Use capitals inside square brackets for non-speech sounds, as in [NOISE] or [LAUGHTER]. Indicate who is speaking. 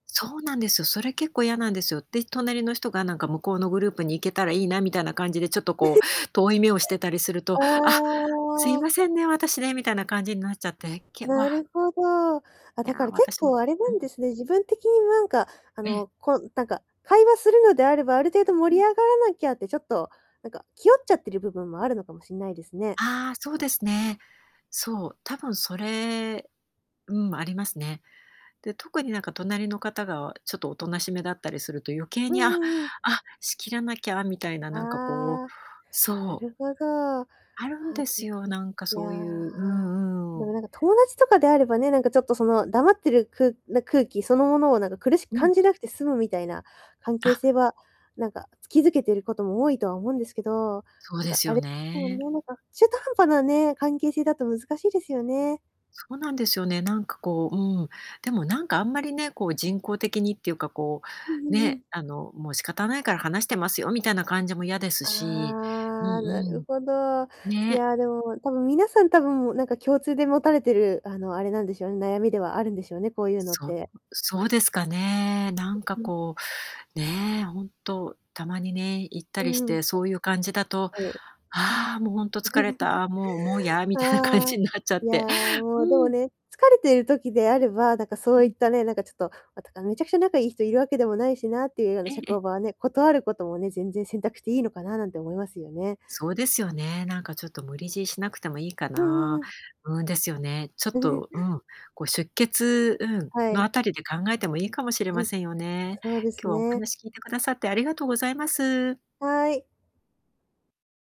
Speaker 1: そうなんですよ。それ結構嫌なんですよ。で、隣の人が、なんか、向こうのグループに行けたらいいな、みたいな感じでちょっと、こ
Speaker 2: [CHUCKLES]
Speaker 1: う、遠い目をしてたりすると
Speaker 2: あ
Speaker 1: 「あ、すいま
Speaker 2: あ。
Speaker 1: せんね、私ね」みたいな感じになっちゃって、け
Speaker 2: な
Speaker 1: わ
Speaker 2: るほど。あ、
Speaker 1: い
Speaker 2: だ
Speaker 1: や、
Speaker 2: から、結
Speaker 1: 私も
Speaker 2: 構、あれな
Speaker 1: う
Speaker 2: ん
Speaker 1: ん。
Speaker 2: ですね、自分的に、なんか、あ
Speaker 1: ええ。
Speaker 2: の、こう、なんか、会話するのであれば、ある程度
Speaker 1: う
Speaker 2: 盛り
Speaker 1: ん。
Speaker 2: 上がらなきゃって、ちょっと、なんか、気負っちゃってる部分もあるのかもしんないですね。
Speaker 1: ああ、そうですね。そう、多分それうん、ありますね。で、特になんか隣の方が、ちょっとおとなしめだったりすると、余計
Speaker 2: う
Speaker 1: に「ああ、
Speaker 2: んうんうん。
Speaker 1: あ、仕切らなきゃ」みたいな、なんか、こう、
Speaker 2: ああ。な
Speaker 1: そう。
Speaker 2: るほど。は
Speaker 1: あるんで
Speaker 2: で
Speaker 1: す
Speaker 2: ぃ。
Speaker 1: よ、なんか
Speaker 2: いや。
Speaker 1: そういうう
Speaker 2: で
Speaker 1: んう
Speaker 2: も、
Speaker 1: ん。
Speaker 2: なんか、友達とかであればね、なんかちょっと、その、黙ってる、くな空気そのものをなんか苦しく
Speaker 1: うん。
Speaker 2: 感じなくて済むみたいな、関係
Speaker 1: あ。
Speaker 2: 性は、なんか、築けていることも多いとは思うんですけど。
Speaker 1: そう
Speaker 2: なん
Speaker 1: で
Speaker 2: か、
Speaker 1: す
Speaker 2: あ
Speaker 1: よ
Speaker 2: れすもん
Speaker 1: ね。
Speaker 2: ね、なんか、中途半端なね、関係性だと難しいですよね。
Speaker 1: そうなんですよね。なんか、こう、うん。でも、なんかあんまりね、こう、人工的にっていうか、こ
Speaker 2: うん
Speaker 1: う、
Speaker 2: うんうん。
Speaker 1: ね、あの、もう「仕方ないから話してますよ」みたいな感じも嫌ですし。うん
Speaker 2: ああ、な
Speaker 1: う
Speaker 2: る
Speaker 1: ん。
Speaker 2: ほど。い
Speaker 1: ね。
Speaker 2: や、でも、多分皆さん、多分、もう、なんか共通で持たれてる、あの、あれなんでしょうね、悩みではあるんでしょうね、こういうのっ
Speaker 1: そう、
Speaker 2: て。
Speaker 1: そうですかね。なんか、
Speaker 2: うん。
Speaker 1: こう、ね、本当たまにね、行った
Speaker 2: う
Speaker 1: りし
Speaker 2: ーん。
Speaker 1: てそういう感じだと
Speaker 2: はい。
Speaker 1: 「ああ、もう、ほんと疲れた」「もう、もう、や」
Speaker 2: [GIGGLES]
Speaker 1: みたいな感
Speaker 2: ああ、
Speaker 1: じになっちゃ
Speaker 2: い
Speaker 1: っ
Speaker 2: や、
Speaker 1: て
Speaker 2: もう、でも
Speaker 1: うん。
Speaker 2: ね、疲れている時であ
Speaker 1: うん。
Speaker 2: れば、なんか、そ
Speaker 1: う
Speaker 2: うい
Speaker 1: ん。
Speaker 2: ったね、なんか、ちょっと、あたあ「めちゃくちゃ仲いい人、いるわけでもないしな」っていうような
Speaker 1: ええ、
Speaker 2: 社
Speaker 1: え。
Speaker 2: 交場はね、断ることもね、全然選択していいのかな、なんて思いますよね。
Speaker 1: そうですよね。なんか、ちょっと無理強いしなくても良いか
Speaker 2: うんうんう
Speaker 1: な。
Speaker 2: ん。
Speaker 1: うん、ですよね。ちょっ
Speaker 2: [CHUCKLES]
Speaker 1: と、うん、こう、出欠うん、
Speaker 2: は
Speaker 1: の
Speaker 2: い。
Speaker 1: あたりで考えても良いかもしれ
Speaker 2: う
Speaker 1: ま
Speaker 2: ん、
Speaker 1: せんよね。
Speaker 2: そうです
Speaker 1: 今日は、お
Speaker 2: ね。
Speaker 1: 話聞いてくださってありがとうございます。
Speaker 2: はい。